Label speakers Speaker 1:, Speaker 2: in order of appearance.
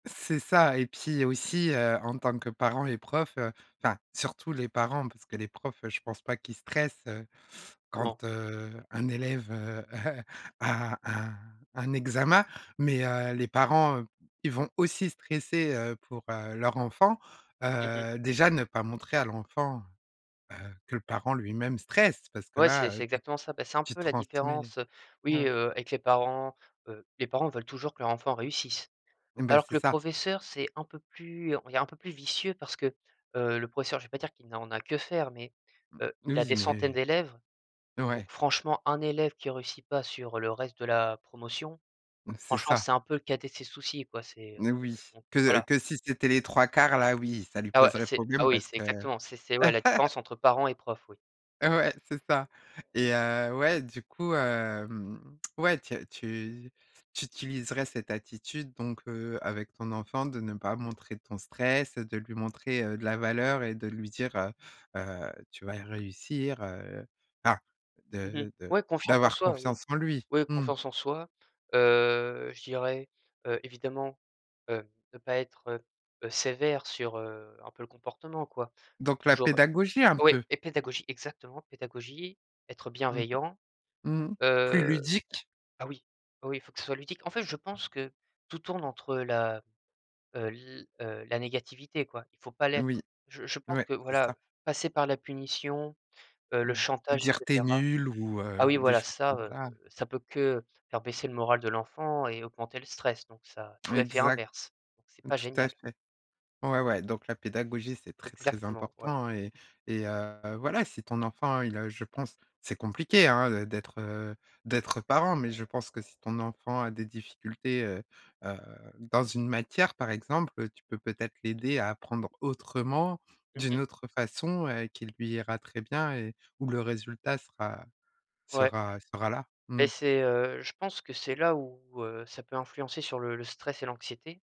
Speaker 1: C'est ça et puis il y a aussi, heu, en tant que parents et profs, heu, enfin surtout les parents parce que les profs, je pense pas qu'ils stressent, heu,
Speaker 2: Non.
Speaker 1: quand, heu, un élève, heu, a un un examen mais heu, les parents, ils vont aussi stresser, heu, pour, heu, leur enfant,
Speaker 2: Mmh mh.
Speaker 1: heu, déjà ne pas montrer à l'enfant, heu, que le parent lui-même stresse parce que
Speaker 2: Ouais c'est
Speaker 1: là, heu,
Speaker 2: c'est
Speaker 1: tu
Speaker 2: exactement ça. Bah, c'est un
Speaker 1: tu
Speaker 2: peu la
Speaker 1: transmets le
Speaker 2: différence, heu, oui,
Speaker 1: ouais.
Speaker 2: heu avec les parents, heu, les parents veulent toujours que leur enfant réussisse.
Speaker 1: Ben
Speaker 2: Alors que
Speaker 1: c'est
Speaker 2: le
Speaker 1: ça.
Speaker 2: professeur c'est un peu plus on il est un peu plus vicieux parce que, heu, le professeur, je vais pas dire qu'il n'en a que faire, mais,
Speaker 1: Mmh,
Speaker 2: heu, il a
Speaker 1: oui
Speaker 2: des centaines
Speaker 1: mais
Speaker 2: d'élèves, donc
Speaker 1: ouais.
Speaker 2: franchement un élève qui réussit pas sur le reste de la promotion,
Speaker 1: C'est
Speaker 2: franchement
Speaker 1: ça.
Speaker 2: c'est un peu le cadet de ses soucis quoi, c'est, heu
Speaker 1: N oui,
Speaker 2: donc heu,
Speaker 1: que
Speaker 2: voilà.
Speaker 1: que si c'était les 3/4 là, oui, ça lui
Speaker 2: Ah ouais
Speaker 1: poserait
Speaker 2: c'est ah
Speaker 1: problème
Speaker 2: oui
Speaker 1: parce
Speaker 2: c'est
Speaker 1: que
Speaker 2: exactement c'est c'est ouais la différence entre parents et profs oui.
Speaker 1: Heu, ouais c'est ça et heu, ouais du coup, hem, ouais tu as tu tu utiliserais cette attitude donc heu, avec ton enfant, de ne pas montrer ton stress, de lui montrer, heu, de la valeur et de lui dire heu, heu: «Tu vas réussir», heu, enfin
Speaker 2: Mmh mh.
Speaker 1: de de
Speaker 2: Ouais, confiance en
Speaker 1: d'avoir
Speaker 2: soi oui.
Speaker 1: confiance en lui.
Speaker 2: Oui
Speaker 1: Mmh.
Speaker 2: confiance en soi, heu, je dirais, heu, évidemment, heu, ne pas être, heu, heu, sévère sur, heu, un peu le comportement quoi.
Speaker 1: Donc la
Speaker 2: Genre
Speaker 1: pédagogie un
Speaker 2: oui
Speaker 1: peu?
Speaker 2: et pédagogie exactement, pédagogie, être
Speaker 1: Mmh.
Speaker 2: bienveillant.
Speaker 1: Mmh. Plus
Speaker 2: Heu,
Speaker 1: ludique?
Speaker 2: ah oui, oui, oui il faut que ce soit ludique. En fait je pense que tout tourne entre la heu, l heu, la négativité quoi, il faut pas
Speaker 1: Oui.
Speaker 2: l'être. Je je pense
Speaker 1: Ouais,
Speaker 2: que
Speaker 1: c'est
Speaker 2: voilà,
Speaker 1: ça.
Speaker 2: passer par la punition, heu, le
Speaker 1: Mmh ou
Speaker 2: chantage et
Speaker 1: dire: «Tu es
Speaker 2: cetera
Speaker 1: nul» ou,
Speaker 2: ah
Speaker 1: heu,
Speaker 2: oui
Speaker 1: des
Speaker 2: voilà,
Speaker 1: choses
Speaker 2: ça,
Speaker 1: comme
Speaker 2: heu,
Speaker 1: ça.
Speaker 2: ça peut que faire baisser le moral de l'enfant et augmenter le stress donc ça faut l'effet
Speaker 1: Exact,
Speaker 2: inverse. C'est pas
Speaker 1: tout à
Speaker 2: génial.
Speaker 1: fait. Ouais, ouais donc la pédagogie c'est très, très
Speaker 2: Exactement, ouais.
Speaker 1: important et et heu, voilà, si ton enfant il a, je pense c'est compliqué hein, d'être, heu, d'être parent, mais je pense que si ton enfant a des difficultés, heu, heu, dans une matière par exemple, tu peux peut-être l'aider à apprendre autrement,
Speaker 2: Mmh
Speaker 1: d'une
Speaker 2: mh.
Speaker 1: autre façon, heu, qui lui ira très bien et où le résultat sera
Speaker 2: Ouais.
Speaker 1: sera sera là.
Speaker 2: Ben
Speaker 1: Mmh.
Speaker 2: c'est, heu, je pense que c'est là où, heu, ça peut influencer sur le le stress et l'anxiété.